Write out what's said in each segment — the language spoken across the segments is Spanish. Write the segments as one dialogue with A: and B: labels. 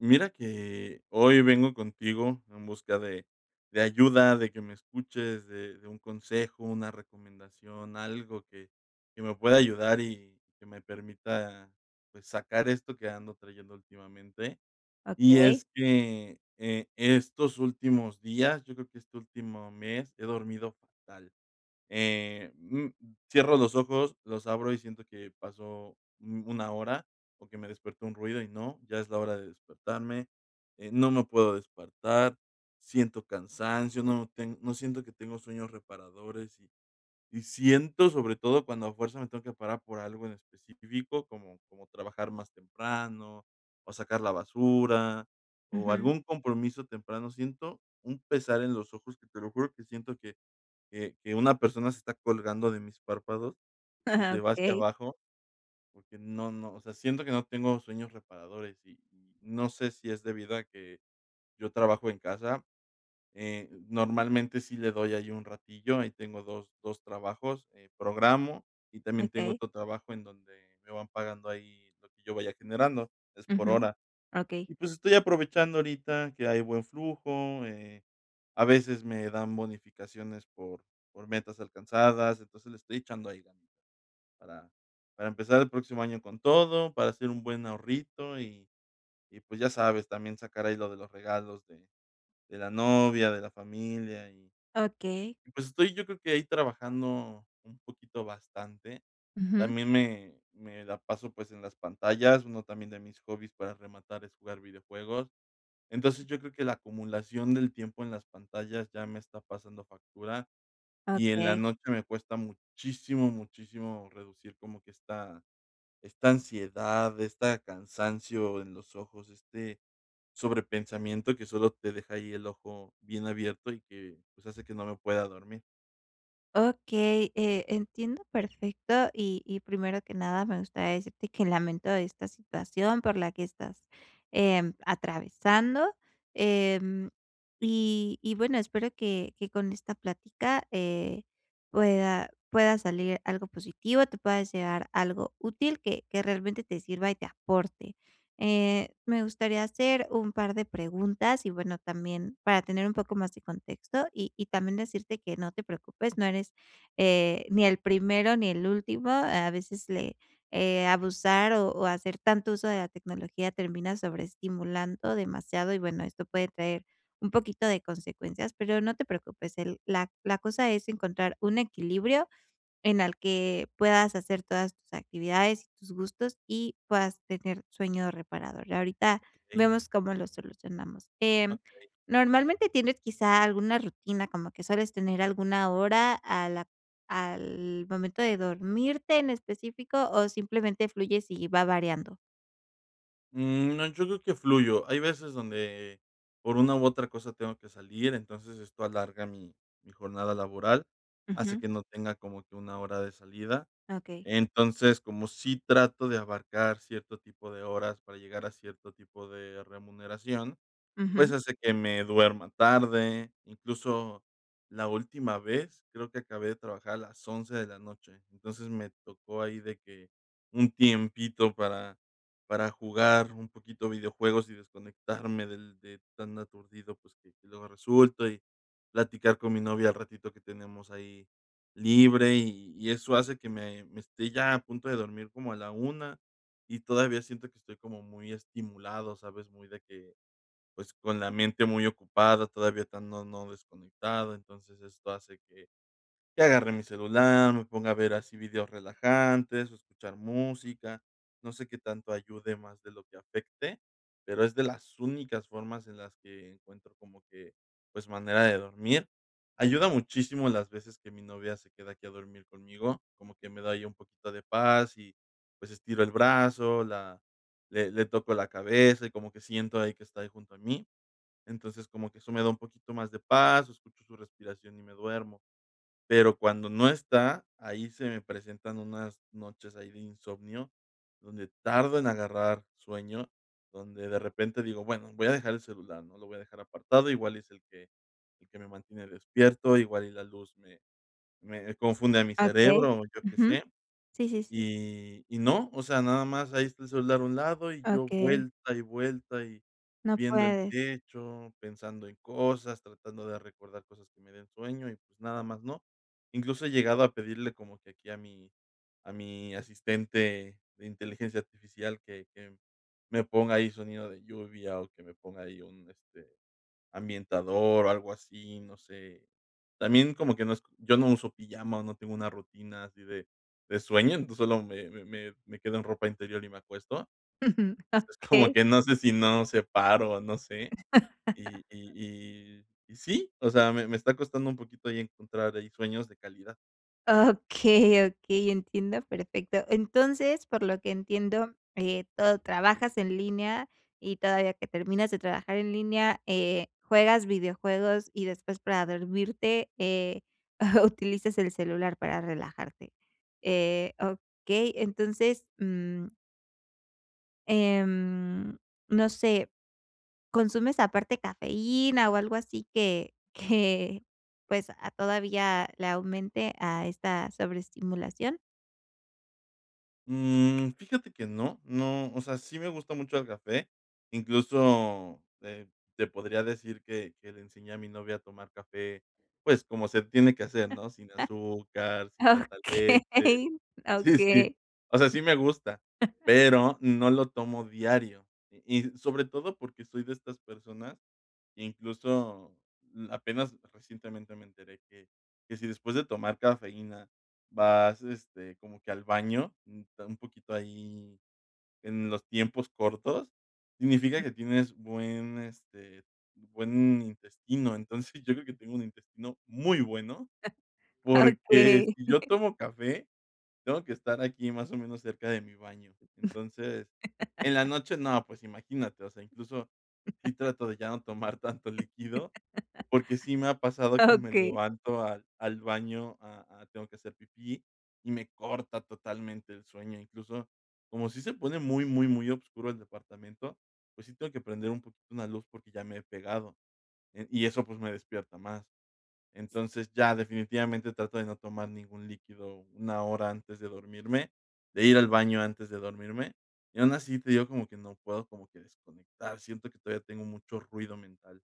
A: Mira que, hoy vengo contigo en busca de de ayuda, de que me escuches, de de un consejo, una recomendación, algo que que me pueda ayudar y que me permita, pues, sacar esto que ando trayendo últimamente, y
B: Okey.
A: es que, eh, estos últimos días, yo creo que este último mes, he dormido fatal, eh, mm, cierro los ojos, los abro y siento que pasó, mm, 1 hora o que me despertó un ruido y no, ya es la hora de despertarme, eh, no me puedo despertar, siento cansancio, no ten no siento que tengo sueños reparadores y y siento, sobre todo cuando a fuerza me tengo que parar por algo en específico, como como trabajar más temprano, o sacar la basura, o
B: Ujú.
A: algún compromiso temprano, siento un pesar en los ojos que te lo juro, que siento que que que una persona se está colgando de mis párpados y se va hacia
B: Okey.
A: abajo, porque no no, o sea, siento que no tengo sueños reparadores y, no sé si es debido a que, yo trabajo en casa, eh, normalmente sí le doy ahí un ratillo, ahí tengo 2- 2, trabajos, eh, programo y también tengo
B: Okey.
A: otro trabajo en donde me van pagando ahí, lo que yo vaya generando, es por
B: Ujú,
A: hora
B: okey.
A: y, pues, estoy aprovechando ahorita que hay buen flujo, eh, a veces me dan bonificaciones, por por metas alcanzadas, entonces le estoy echando ahí ganas para para empezar el próximo año con todo, para hacer un buen ahorrito y y, pues, ya sabes, también sacar ahí lo de los regalos de de la novia, de la familia y
B: Okey.
A: pues, estoy yo creo que, ahí trabajando un poquito bastante,
B: Ujú.
A: también me me la paso, pues, en las pantallas, uno también de mis hobbies, para rematar, es jugar videojuegos, entonces yo creo que la acumulación del tiempo en las pantallas ya me está pasando factura y en la
B: Okey.
A: noche me cuesta muchísimo, muchísimo reducir como que esta esta ansiedad, esta cansancio en los ojos, este sobrepensamiento que solo te deja ahí el ojo bien abierto y que, pues, hace que no me pueda dormir.
B: Okey, eh, entiendo perfecto y y primero que nada, me gustaría decirte que lamento esta situación por la que estás, em, atravesando, eh, y y bueno espero que que con esta plática, eh, pueda pueda salir algo positivo, te puedas llevar algo útil que que realmente te sirva y te aporte, eh, me gustaría hacer un par de preguntas y bueno también para tener un poco más de contexto y y también decirte que no te preocupes, no eres, eh, ni el primero ni el último, a veces le, eh, abusar o o hacer tanto uso de la tecnología termina sobreestimulando demasiado y bueno esto puede traer un poquito de consecuencias, pero no te preocupes, el la la cosa es encontrar un equilibrio, en el que puedas hacer todas tus actividades y tus gustos y puedas tener sueño reparador. Ahorita
A: Okey.
B: vemos cómo lo solucionamos, eh,
A: Okey.
B: ¿normalmente tienes quizá alguna rutina, como que sueles tener alguna hora a la al momento de dormirte en específico o simplemente fluyes y va variando?
A: Mm, no, yo creo que fluyo. Hay veces donde por una u otra cosa tengo que salir. Entonces, esto alarga mi mi jornada laboral, hace
B: Ujú.
A: que no tenga como que una hora de salida.
B: Okey.
A: Entonces, como sí trato de abarcar cierto tipo de horas para llegar a cierto tipo de remuneración,
B: Ujú.
A: pues, hace que me duerma tarde, incluso, la última vez. Creo que acabé de trabajar a las 11 de la noche. Entonces, me tocó ahí de que un tiempito para, para jugar un poquito videojuegos, y desconectarme del de tan aturdido, pues, que luego resulta. Y platicar con mi novia el ratito que tenemos ahí libre, y y eso hace que me me esté ya a punto de dormir como a la 1, y todavía siento que estoy como muy estimulado, ¿sabes?, muy de que, pues, con la mente muy ocupada todavía, tan no no desconectado. Entonces, esto hace que, que agarre mi celular, me ponga a ver así vídeos relajantes, escuchar música. No sé, qué tanto ayude más de lo que afecte, pero es de las únicas formas en las que encuentro como que, pues, manera de dormir. Ayuda muchísimo las veces que mi novia se queda aquí a dormir conmigo, como que me da ahí un poquito de paz y, pues, estiro el brazo, la le le toco la cabeza, y como que siento ahí que está junto a mí. Entonces, como que eso me da un poquito más de paz, escucho su respiración y me duermo. Pero cuando no está, ahí se me presentan unas noches ahí de insomnio donde tardo en agarrar sueño, donde de repente digo: "Bueno, voy a dejar el celular, ¿no?, lo voy a dejar apartado", igual es el que el que me mantiene despierto, igual y la luz me, me confunde a mi
B: Okey,
A: cerebro, o yo qué
B: ujú.
A: sé.
B: Sí, sí, sí.
A: Y, y no, o sea, nada más, ahí está el celular a un lado, y yo
B: Okey.
A: vuelta y vuelta, y
B: No
A: viendo el
B: puedes.
A: techo pensando en cosas, tratando de recordar cosas que me den sueño. Y, pues, nada más, no, incluso, he llegado a pedirle como que aquí a mi a mi asistente de inteligencia artificial que que me ponga ahí sonido de lluvia, o que me ponga ahí un, este, ambientador o algo así. No sé, también como que no es yo no uso pijama, o no tengo una rutina así de de sueño. Entonces, solo me me me me quedo en ropa interior y me acuesto.
B: Ujú.
A: Entonces, como
B: Okey.
A: que, no sé, si no separo, o no sé. Y y y y sí, o sea, me, me está costando un poquito ahí encontrar ahí sueños de calidad.
B: Okey, okey, entiendo perfecto. Entonces, por lo que entiendo, eh, todo trabajas en línea, y todavía que terminas de trabajar en línea, eh, juegas videojuegos y después para dormirte, eh, utilizas el celular para relajarte. Eh, okey, entonces, mm em, no sé. ¿Consumes aparte cafeína, o algo así que, que pues, a todavía le aumente a esta sobreestimulación?
A: Mm. Fíjate que no, no. O sea, sí me gusta mucho el café, incluso, eh, te podría decir que que le enseñé a mi novia a tomar café, pues, como se tiene que hacer, ¿no?, sin azúcar, sin tanta leche.
B: Okey,
A: Sí, sí,
B: okey.
A: o sea, sí, me gusta, pero no lo tomo diario. Y sobre todo, porque soy de estas personas que, incluso, apenas recientemente me enteré que que si después de tomar cafeína vas, este, como que al baño un poquito ahí en los tiempos cortos significa que tienes buen, este, buen intestino. Entonces, yo creo que tengo un intestino muy bueno, porque
B: Okey.
A: si yo tomo café, tengo que estar aquí, más o menos, cerca de mi baño. Entonces, en la noche no, pues imagínate, o sea, incluso sí, trato de ya no tomar tanto líquido, porque sí me ha pasado que me
B: Okey.
A: levanto al al baño a a, tengo que hacer pipí y me corta totalmente el sueño. Incluso como sí se pone muy, muy, muy obscuro el departamento, pues sí, tengo que prender un poquito una luz porque ya me he pegado, eh, y eso, pues, me despierta más. Entonces, ya definitivamente trato de no tomar ningún líquido 1 hora antes de dormirme, de ir al baño antes de dormirme. Y aún así te digo como que no puedo como que desconectar. Siento que todavía tengo mucho ruido mental.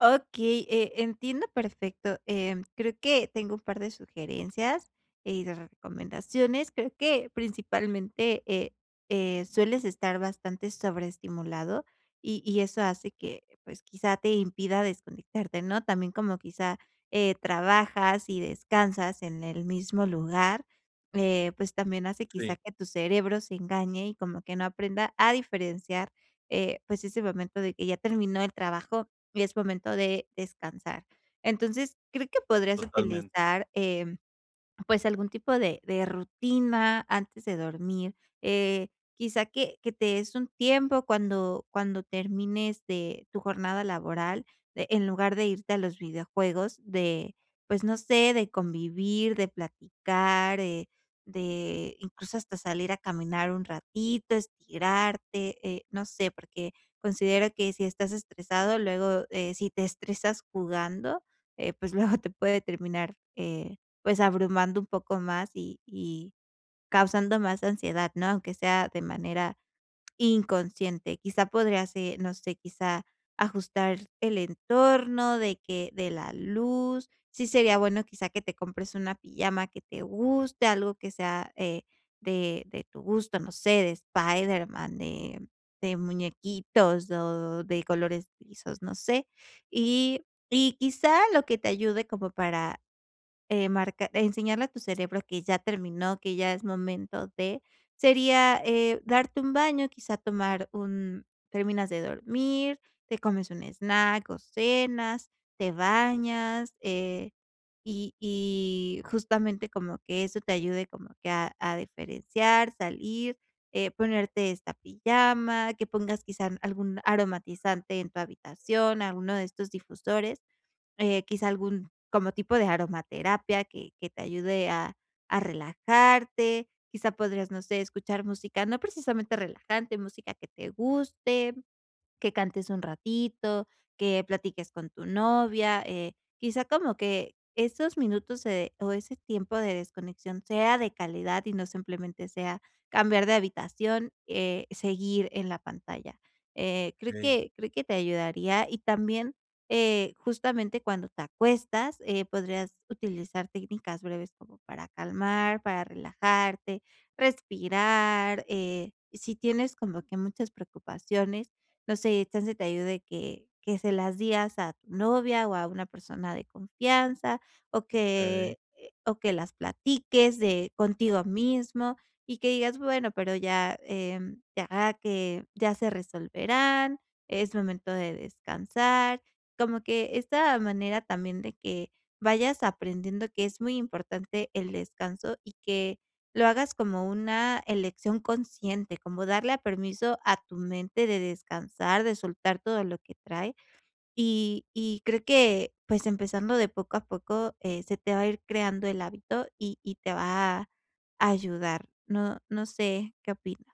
B: Okey, eh, entiendo perfecto, eh, creo que tengo un par de sugerencias, eh, y de recomendaciones, creo que principalmente, eh, eh, sueles estar bastante sobreestimulado y y eso hace que pues quizá te impida desconectarte, ¿no?, también como quizá, eh, trabajas y descansas en el mismo lugar, eh, pues también hace
A: Sí.
B: quizá que tu cerebro se engañe y como que no aprenda a diferenciar, eh, pues ese momento de que ya terminó el trabajo y es momento de descansar. Entonces creo que podrías
A: Totalmente.
B: utilizar, em, pues algún tipo de de rutina antes de dormir, eh, quizás que que te des un tiempo cuando cuando termines de tu jornada laboral, de en lugar de irte a los videojuegos, de pues no sé de convivir, de platicar, eh, de incluso hasta salir a caminar un ratito, estirarte, eh, no sé porque considero que si estás estresado, luego, eh, si te estresas jugando, eh, pues luego te puede terminar, eh, pues abrumando un poco más y y causando más ansiedad, ¿no?, aunque sea de manera inconsciente, quizá podría ser, no sé, quizá ajustar el entorno de que de la luz. Sí sería bueno, quizá, que te compres una pijama que te guste, algo que sea, eh, de de tu gusto, no sé, de Spiderman, de de muñequitos o de colores lisos, no sé. Y y quizás lo que te ayude como para, eh, marca enseñarle a tu cerebro que ya terminó, que ya es momento de, sería, eh, darte un baño, quizás tomar un terminas de dormir, te comes un snack o cenas, te bañas, eh, y y justamente como que eso te ayude como que a a diferenciar, salir, eh, ponerte esta pijama, que pongas quizás algún aromatizante en tu habitación, alguno de estos difusores, eh, quizá algún, como tipo de aromaterapia, que que te ayude a a relajarte, quizá podrías, no sé, escuchar música, no precisamente relajante, música que te guste, que cantes un ratito, que platiques con tu novia, eh, quizá como que esos minutos se o ese tiempo de desconexión sea de calidad y no simplemente sea cambiar de habitación, eh, seguir en la pantalla. Eh, creo
A: Okey.
B: que creo que te ayudaría y también, eh, justamente cuando te acuestas, eh, podrías utilizar técnicas breves como para calmar, para relajarte, respirar, eh, si tienes como que muchas preocupaciones, no sé, chance te ayude que que se las días a tu novia o a una persona de confianza o
A: Okey.
B: que o que las platiques de contigo mismo y que digas bueno, pero ya, eh, ya que ya se resolverán, es momento de descansar. Como que esta manera también de que vayas aprendiendo que es muy importante el descanso y que lo hagas como una elección consciente, como darle a permiso a tu mente de descansar, de soltar todo lo que trae y y creo que pues empezando de poco a poco, eh, se te va a ir creando el hábito y y te va a ayudar, ¿no no sé qué opinas?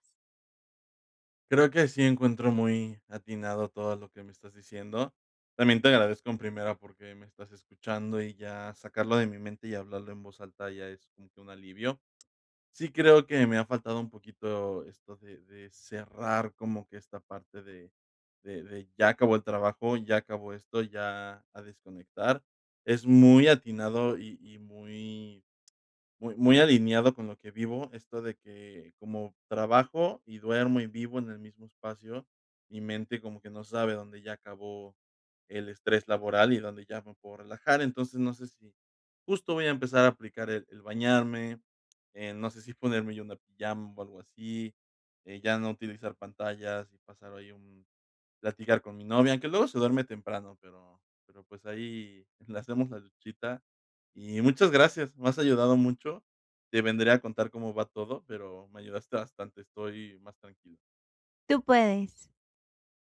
A: Creo que sí encuentro muy atinado todo lo que me estás diciendo, también te agradezco, en primera, porque me estás escuchando y ya sacarlo de mi mente y hablarlo en voz alta ya es como que un alivio, sí, creo que, me ha faltado un poquito esto de de cerrar como que esta parte de de de ya acabó el trabajo, y ya acabó esto, y ya a desconectar, es muy atinado y y muy muy muy alineado con lo que vivo esto de que, como trabajo, y duermo y vivo en el mismo espacio, mi mente como que no sabe dónde ya acabó el estrés laboral y dónde ya me puedo relajar, entonces no sé si, justo voy a empezar a aplicar el el bañarme, eh, no sé si ponerme yo una pijama o algo así, eh, ya no utilizar pantallas y pasar ahí, un platicar con mi novia, aunque luego se duerme temprano, pero pero, pues, ahí le hacemos la luchita, y muchas gracias, me has ayudado mucho, te vendré a contar cómo va todo, pero me ayudaste bastante, estoy más tranquilo.
B: Tú puedes.